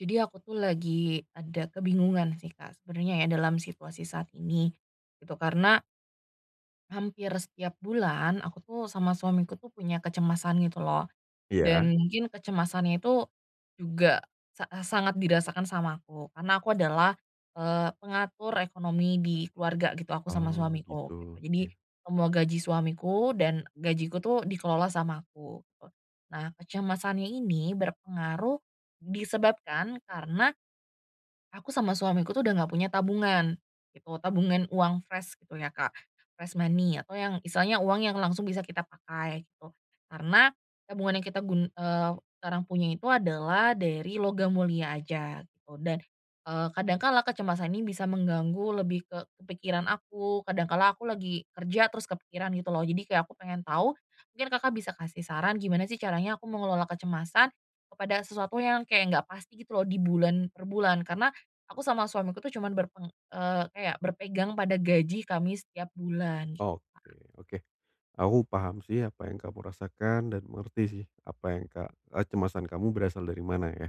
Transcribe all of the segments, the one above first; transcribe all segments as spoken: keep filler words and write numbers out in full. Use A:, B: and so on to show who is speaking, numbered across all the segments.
A: Jadi aku tuh lagi ada kebingungan sih Kak sebenernya ya dalam situasi saat ini, itu karena hampir setiap bulan aku tuh sama suamiku tuh punya kecemasan gitu lho.
B: Iya.
A: Dan mungkin kecemasannya itu juga sa sangat dirasakan sama aku karena aku adalah, eee, pengatur ekonomi di keluarga gitu, aku sama
B: Oh gitu,
A: suamiku gitu. Jadi
B: iya.
A: semua gaji suamiku dan gajiku itu dikelola sama aku. Nah kecemasannya ini berpengaruh disebabkan karena aku sama suamiku tuh udah enggak punya tabungan gitu. Tabungan uang fresh gitu ya Kak, fresh money atau yang istilahnya uang yang langsung bisa kita pakai gitu. Karena tabungan yang kita gun eee, sekarang punya itu adalah dari logam mulia aja gitu. Dan, eee, kadang kala kecemasan ini bisa mengganggu lebih ke ke pikiran aku. Kadang kala aku lagi kerja terus kepikiran gitu lho. Jadi kayak aku pengen tahu, mungkin Kakak bisa kasih saran gimana sih caranya aku mengelola kecemasan kepada sesuatu yang kayak enggak pasti gitu lho, di bulan per bulan. Karena aku sama suamiku tuh cuman berpeng eee, kayak berpegang pada gaji kami setiap bulan gitu
B: Oke
A: Kak.
B: oke aku paham sih apa yang kamu rasakan dan mengerti sih apa yang ka kecemasan kamu berasal dari mana ya.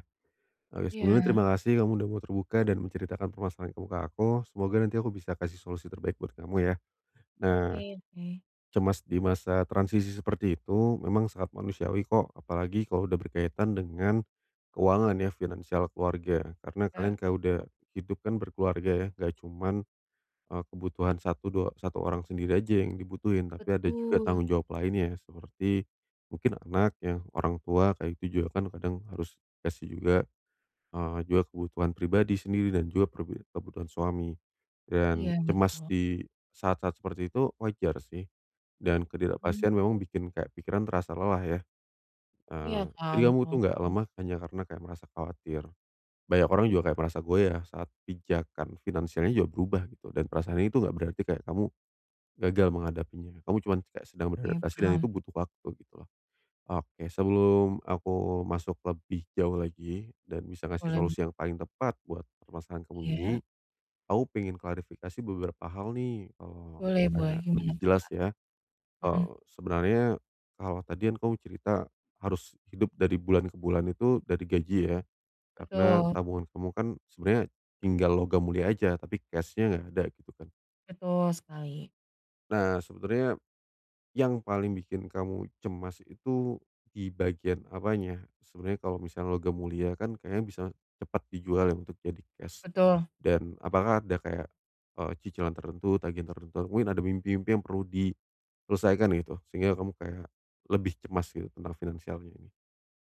B: Oke, sebelumnya terima
A: Iya.
B: kasih kamu sudah mau terbuka dan menceritakan permasalahan kamu ke aku. Semoga nanti aku bisa kasih solusi terbaik buat kamu ya. Nah,
A: Oke oke.
B: cemas di masa transisi seperti itu memang sangat manusiawi kok. Apalagi kalau udah berkaitan dengan keuangan ya, finansial keluarga, karena kalian
A: Kak,
B: ka udah
A: o
B: hidup kan berkeluarga ya nggak cuman, eee, kebutuhan satu dua satu orang sendiri aja yang dibutuhin, tapi ada juga
A: Betul.
B: tanggung jawab lainnya, seperti mungkin anak ya, orang tua, kayak gitu juga kan kadang harus kasih juga, eee, juga kebutuhan pribadi sendiri dan juga pri kebutuhan suami, dan
A: Iya
B: cemas
A: betul.
B: di saat-saat seperti itu wajar sih. Dan
A: Hmm.
B: ketidakpastian memang bikin kayak pikiran terasa lelah ya.
A: Iya
B: Eee,
A: kan.
B: jadi kamu itu nggak
A: [unintelligible]
B: lemah hanya karena kayak merasa khawatir. Banyak orang juga kayak merasa goyah saat pijakan finansialnya juga berubah gitu, dan perasaan ini itu enggak berarti kayak kamu gagal menghadapinya. Kamu cuman kayak sedang
A: Oke
B: beradaptasi dan itu
A: paham.
B: butuh waktu gitu. Oke sebelum aku masuk lebih jauh lagi dan bisa ngasih
A: Boleh b
B: solusi yang paling tepat buat permasalahan kamu ini,
A: Iya.
B: aku pengen klarifikasi beberapa hal nih, eee,
A: Boleh boleh,
B: kayak
A: gimana
B: lebih
A: tuh
B: jelas
A: Kak?
B: ya.
A: Heeh.
B: Eee, sebenarnya kalau tadi kan kamu cerita harus hidup dari bulan ke bulan itu dari gaji ya, karena
A: Betul.
B: tabungan kamu kan sebenarnya tinggal logam mulia aja, tapi cash-nya enggak ada gitu kan.
A: Betul sekali.
B: Nah sebenernya. Yang paling bikin kamu cemas itu di bagian apanya? Sebenernya kalau misalnya logam mulia kan kayaknya bisa, cepet dijual ya untuk jadi cash,
A: Betul.
B: dan apakah ada kayak, eee, cicilan tertentu tagihan tertentu mungkin ada mimpi-mimpi yang perlu diselesaikan gitu sehingga kamu kayak, lebih cemas gitu tentang finansialnya ini.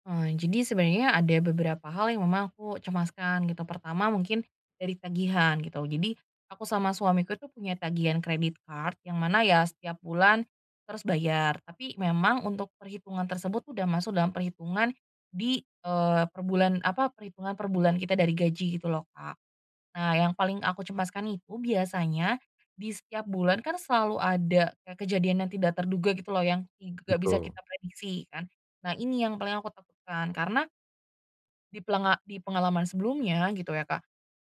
A: Oh jadi sebenernya ada beberapa hal yang memang aku cemaskan gitu pertama mungkin, dari tagihan gitu. Jadi, aku sama suamiku tuh punya tagihan credit card yang mana ya setiap bulan, terus bayar tapi memang untuk perhitungan tersebut udah masuk dalam perhitungan, di, eee, per bulan apa perhitungan per bulan kita dari gaji gitu loh Kak, nah yang paling aku cemaskan itu biasanya, di setiap bulan kan selalu ada kayak kejadian yang tidak terduga gitu loh yang i g gak bisa
B: Betul.
A: kita prediksi kan, nah ini yang paling aku takutkan karena di pelenga di pengalaman sebelumnya gitu ya Kak,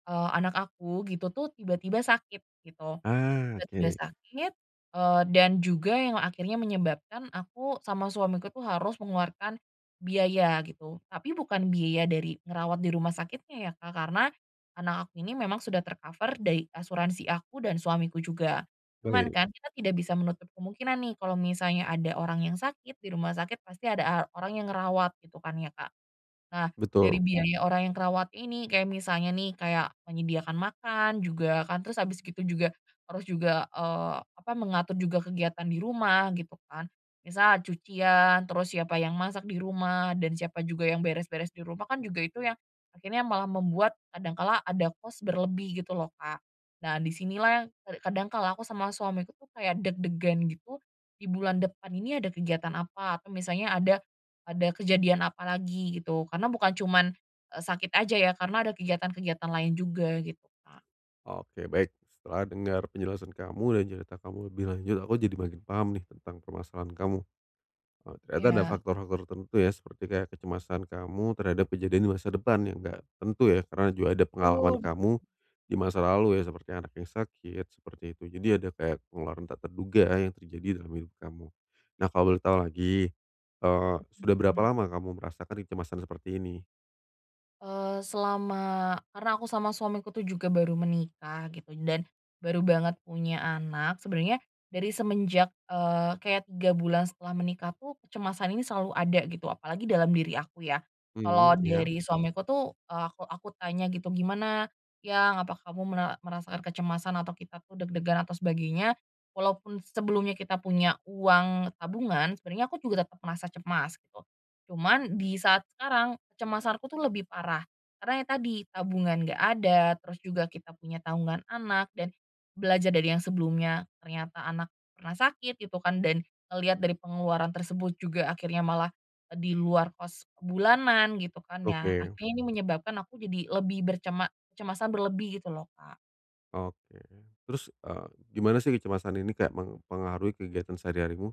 A: eee, anak aku gitu tuh tiba-tiba sakit gitu,
B: Ah,
A: tiba-tiba
B: oke.
A: sakit, eee, dan juga yang akhirnya menyebabkan aku sama suamiku tuh harus mengeluarkan, biaya gitu. Tapi bukan biaya dari ngerawat di rumah sakitnya ya Kak karena, anak aku ini memang sudah ter-cover dari asuransi aku dan suamiku juga, cuman
B: Baik.
A: kan kita tidak bisa menutup kemungkinan nih kalau misalnya ada orang yang sakit di rumah sakit pasti ada a orang yang ngerawat gitu kan ya Kak, nah dari
B: Betul.
A: biaya orang yang kerawat ini kayak misalnya nih kayak menyediakan makan juga kan terus habis gitu juga harus juga, eee, apa mengatur juga kegiatan di rumah gitu kan, misal cucian terus siapa yang masak di rumah dan siapa juga yang beres-beres di rumah kan juga itu yang, akhirnya malah membuat kadang kala ada cost berlebih gitu loh Kak, nah di sinilah yang kad kadang kalau aku sama suamiku tuh kayak deg-degan gitu, di bulan depan ini ada kegiatan apa atau misalnya ada ada kejadian apa lagi gitu karena bukan cuman, eee, sakit aja ya karena ada kegiatan-kegiatan lain juga gitu Kak.
B: Oke baik setelah dengar penjelasan kamu dan cerita kamu lebih lanjut aku jadi makin paham nih tentang permasalahan kamu, eee, ternyata ada
A: Iya.
B: faktor-faktor tertentu ya seperti kayak kecemasan kamu terhadap kejadian di masa depan yang gak tentu ya karena juga ada pengalaman
A: Betul.
B: kamu, di masa lalu ya seperti anak yang sakit, seperti itu. Jadi ada kayak pengeluaran tak terduga yang terjadi dalam hidup kamu, nah kalau boleh tahu lagi, eee,
A: Betul
B: sudah berapa
A: Kak.
B: lama kamu merasakan kecemasan seperti ini?
A: Eee selama karena aku sama suamiku tuh juga baru menikah gitu dan baru banget punya anak. Sebenernya dari semenjak, eee, kayak tiga bulan setelah menikah tuh kecemasan ini selalu ada gitu, apalagi dalam diri aku ya. Kalau
B: Mhm, iya.
A: dari suamiku tuh, eee aku aku tanya gitu, "Gimana, Yang apa kamu mela merasakan kecemasan atau kita tuh deg-degan atau sebagainya?" Walaupun sebelumnya kita punya uang tabungan, sebenernya aku juga tetap merasa cemas, gitu. Cuman di saat sekarang kecemasanku tuh lebih parah. Karena yang tadi tabungan enggak ada, terus juga kita punya tanggungan anak dan belajar dari yang sebelumnya, ternyata anak pernah sakit gitu kan, dan ngelihat dari pengeluaran tersebut juga akhirnya malah di luar cost bulanan gitu kan, ya
B: Oke.
A: akhirnya ini menyebabkan aku jadi lebih bercema cemasan berlebih gitu loh Kak.
B: Oke. Terus e gimana sih kecemasan ini kayak mempengaruhi kegiatan sehari-harimu?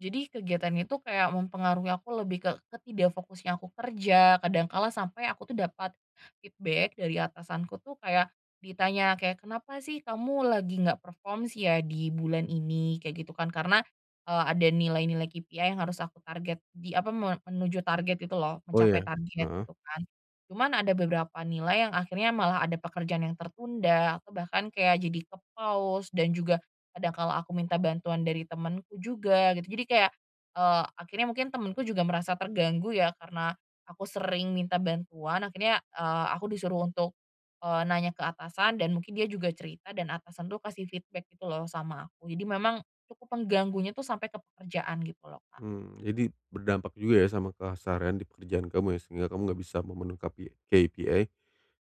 A: Jadi kegiatannya itu kayak mempengaruhi aku lebih ke ke tidak fokusnya aku kerja, kadang kala sampai aku tuh dapat feedback dari atasanku tuh kayak ditanya kayak, "Kenapa sih kamu lagi nggak perform sih ya di bulan ini?" kayak gitu kan. Karena, eee, ada nilai-nilai KPI yang harus aku target di apa, me menuju target gitu loh,
B: Oh
A: mencapai
B: ya.
A: target
B: Heeh.
A: gitu kan. Cuman ada beberapa nilai yang akhirnya malah ada pekerjaan yang tertunda atau bahkan kayak jadi kepause dan juga kadang kalau aku minta bantuan dari temanku juga, gitu. Jadi kayak, eee, akhirnya mungkin temanku juga merasa terganggu ya, karena aku sering minta bantuan, akhirnya, eee, aku disuruh untuk, eee, nanya ke atasan dan mungkin dia juga cerita dan atasan tuh kasih feedback gitu loh sama aku. Jadi memang cukup mengganggunya tuh sampai ke pekerjaan gitu loh Kak.
B: Mmm, jadi berdampak juga ya sama keseharian di pekerjaan kamu ya, sehingga kamu enggak bisa memenuh KP KPI,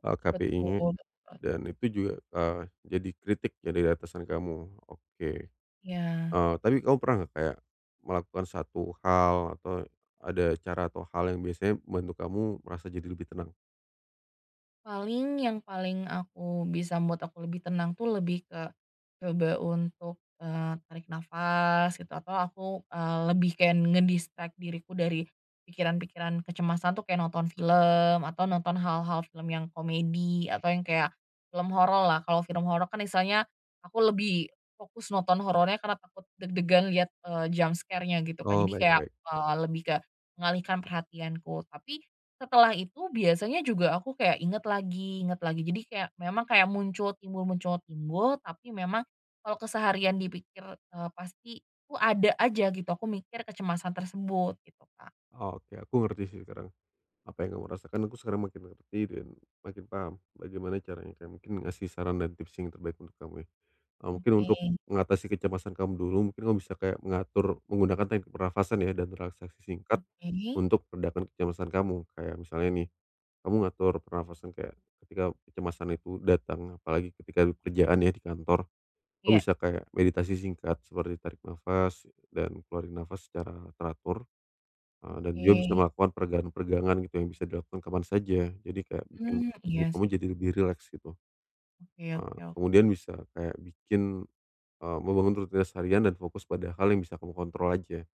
B: eee,
A: Betul
B: KPI-nya
A: betul.
B: dan itu juga, eee, jadi kritik dari atasan kamu, oke.
A: Ya.
B: Eee, tapi kamu pernah nggak, kayak melakukan satu hal atau ada cara atau hal yang biasanya membantu kamu merasa jadi lebih tenang?
A: Paling, yang paling aku bisa membuat aku lebih tenang tuh lebih ke, coba untuk, eee, tarik nafas gitu atau aku, eee, lebih kayak nge-distract diriku dari, pikiran-pikiran kecemasan tuh kayak nonton film atau nonton hal-hal film yang komedi atau yang kayak, film hororlah kalau film horor kan istilahnya, aku lebih fokus nonton horornya karena takut deg-degan lihat, eee, jumpscare-nya gitu kan
B: Oh
A: jadi kayak,
B: baik-baik.
A: eee, lebih ke mengalihkan perhatianku. Tapi, setelah itu biasanya juga aku kayak inget lagi inget lagi jadi kayak memang kayak muncul timbul muncul timbul tapi memang, kalau keseharian dipikir, eee, pasti itu ada aja gitu aku mikir kecemasan tersebut gitu Kak.
B: Oke aku ngerti sih sekarang, apa yang kamu rasakan aku sekarang makin ngerti dan makin paham bagaimana caranya kayak mungkin ngasih saran dan tips yang terbaik untuk kamu ya, eee. Mungkin untuk,
A: Oke.
B: mengatasi kecemasan kamu dulu mungkin kamu bisa kayak mengatur menggunakan teknik pernafasan ya dan relaksasi singkat,
A: Oke.
B: untuk meredakan kecemasan kamu. Kayak misalnya nih, kamu ngatur pernafasan kayak, ketika kecemasan itu datang apalagi ketika kerjaan ya di kantor, kamu
A: Iya.
B: bisa kayak meditasi singkat seperti tarik nafas dan keluarin nafas secara teratur, eee, dan juga bisa
A: Oke.
B: melakukan peregangan peregangan gitu yang bisa dilakukan kapan saja jadi kayak bikin
A: Mmm,
B: tubuh
A: iya
B: kamu
A: sih.
B: jadi lebih rileks gitu,
A: Oke
B: eee,
A: oke oke.
B: kemudian bisa kayak bikin, eee, membangun rutinitas harian dan fokus pada hal yang bisa kamu kontrol aja,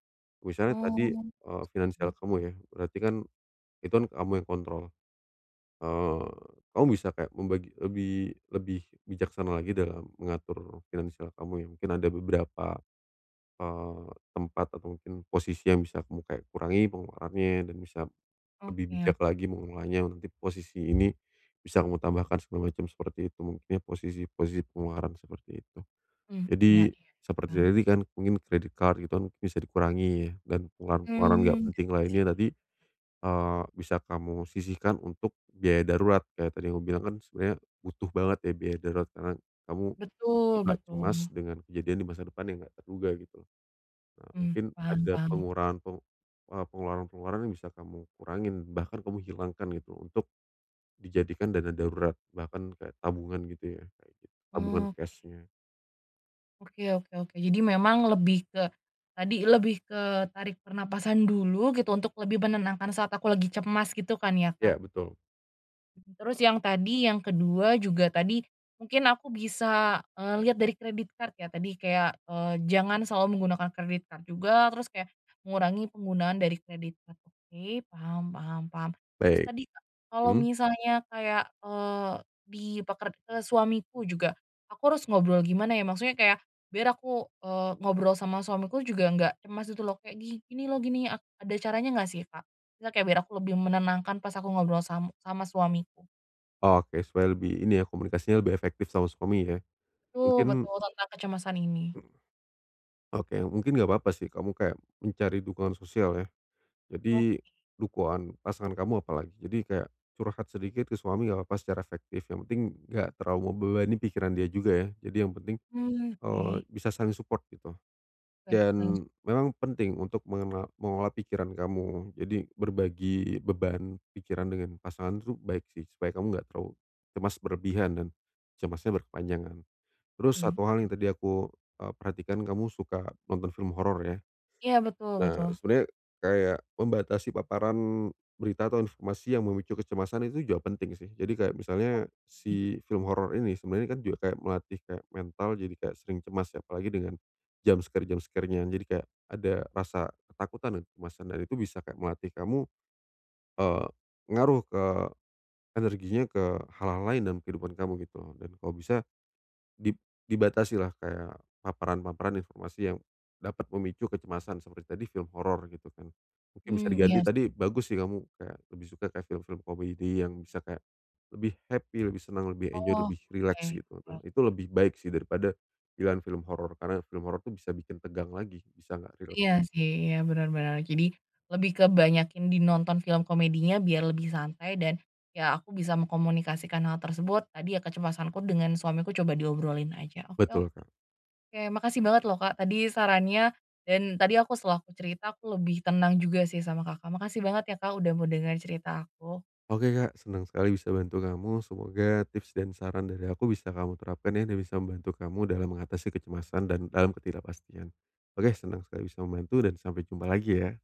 B: misalnya tadi,
A: Oh,
B: eee,
A: seperti
B: finansial kamu
A: itu.
B: ya berarti kan, itu kan kamu yang kontrol, eee, kamu bisa kayak membagi lebih lebih bijaksana lagi dalam mengatur finansial kamu ya mungkin ada beberapa, eee, tempat atau mungkin posisi yang bisa kayak kamu kurangi pengeluarannya dan bisa,
A: Oke
B: lebih bijak
A: oke.
B: lagi mengolahnya untuk posisi ini, bisa kamu tambahkan segala macam seperti itu mungkin posisi posisi pengeluaran seperti itu.
A: Mmm,
B: Jadi
A: iya iya,
B: seperti
A: paham.
B: tadi kan mungkin credit card gitu kan bisa dikurangi ya dan pengeluaran-pengeluaran nggak
A: Mmm.
B: penting
A: [unintelligible]
B: lainnya tadi, eee, bisa kamu sisihkan untuk biaya darurat kayak tadi yang kamu bilang kan sebenarnya butuh banget ya biaya darurat karena kamu,
A: Betul
B: agak cemas
A: betul.
B: dengan kejadian di masa depan yang enggak terduga gitu. Nah
A: Mmm,
B: mungkin
A: paham
B: ada
A: paham.
B: pengurangan p eee, pengeluaran-pengeluaran yang bisa kamu kurangin bahkan kamu hilangkan gitu untuk, dijadikan dana darurat bahkan kayak tabungan gitu ya, kayak gitu tabungan
A: Oke.
B: cash-nya.
A: Oke oke oke. Jadi memang lebih ke tadi lebih ke tarik pernafasan dulu gitu untuk lebih menenangkan saat aku lagi cemas gitu kan ya
B: Ya
A: Kak?
B: betul.
A: Terus yang tadi yang kedua juga tadi, mungkin aku bisa, eee, liat dari credit card ya, tadi kayak, eee, jangan selalu menggunakan credit card juga. Terus kayak mengurangi penggunaan dari credit card. Oke, paham paham paham. Terus
B: Baik.
A: tadi kalau
B: Hmm.
A: misalnya kayak, eee, di peker eee, suamiku juga, aku harus ngobrol gimana ya, maksudnya kayak biar aku, eee, ngobrol sama suamiku juga nggak cemas gitu loh, kek, "Gini loh gini," a ada caranya nggak sih Kak? Nggak biar aku lebih menenangkan pas aku ngobrol sam sama suamiku.
B: Oke, supaya lebih ini ya komunikasinya lebih efektif sama suami ya,
A: Tul,
B: mungkin
A: betul tentang kecemasan ini.
B: Oke mungkin enggak apa-apa sih kamu kayak, mencari dukungan sosial ya. Jadi
A: Oke.
B: dukoan pasangan kamu apalagi. Jadi kayak curhat sedikit ke suami enggak apa-apa secara efektif. Yang penting enggak terlalu membebani pikiran dia juga ya. Jadi yang penting,
A: Hmm,
B: eee,
A: oke.
B: bisa saling support gitu.
A: Oke, saling supp
B: Dan memang penting untuk mengena mengelola pikiran kamu. Jadi berbagi beban pikiran dengan pasangan itu baik sih, supaya kamu enggak terlalu cemas berlebihan dan cemasnya berkepanjangan. Terus
A: mhm, iya
B: satu hal yang
A: sih.
B: tadi aku, eee, perhatikan kamu suka nonton film horor ya?
A: Iya, betul
B: Nah
A: betul.
B: sebenernya, kayak membatasi paparan berita atau informasi yang memicu kecemasan itu juga penting sih. Jadi kayak misalnya
A: Oke.
B: si film horor ini sebenarnya kan kayak juga melatih kayak mental jadi kayak sering cemas, ya apalagi dengan jumpscare-jumpscare-nya, jadi kayak ada rasa ketakutan dan kecemasan, dan itu bisa kayak melatih kamu, eee, ngaruh ke energinya, ke hal-hal lain dalam kehidupan kamu gitu. Dan kalau bisa di dibatasi lah kayak paparan-paparan informasi yang dapat memicu kecemasan seperti tadi film horor gitu kan. Mungkin bisa
A: Mmm,
B: diganti
A: iya s
B: tadi bagus sih kamu kayak lebih suka kayak film-film komedi yang bisa kayak lebih happy, lebih senang, lebih enjoy,
A: Oh,
B: lebih rileks
A: oke,
B: gitu.
A: oke
B: Nah itu
A: oke.
B: lebih baik sih daripada pilihan film horor, karena film horor itu bisa bikin tegang lagi, bisa gak rileks.
A: Iya sih, iya bener bener. Jadi lebih ke banyakin di nonton film komedinya biar lebih santai dan ya aku bisa mengkomunikasikan hal tersebut. Tadi ya kecemasanku dengan suamiku coba diobrolin aja. Oke
B: Betul Kak.
A: oke. Makasih banget loh Kak, tadi sarannya dan tadi aku setelah aku cerita aku lebih tenang juga sih sama Kakak. Makasih banget ya Kak udah mau dengerin cerita aku.
B: Oke Kak, senang sekali bisa bantu kamu. Semoga tips dan saran dari aku bisa kamu terapkan ya dan bisa membantu kamu dalam mengatasi kecemasan dan dalam ketidakpastian. Oke senang sekali bisa membantu dan sampai jumpa lagi ya.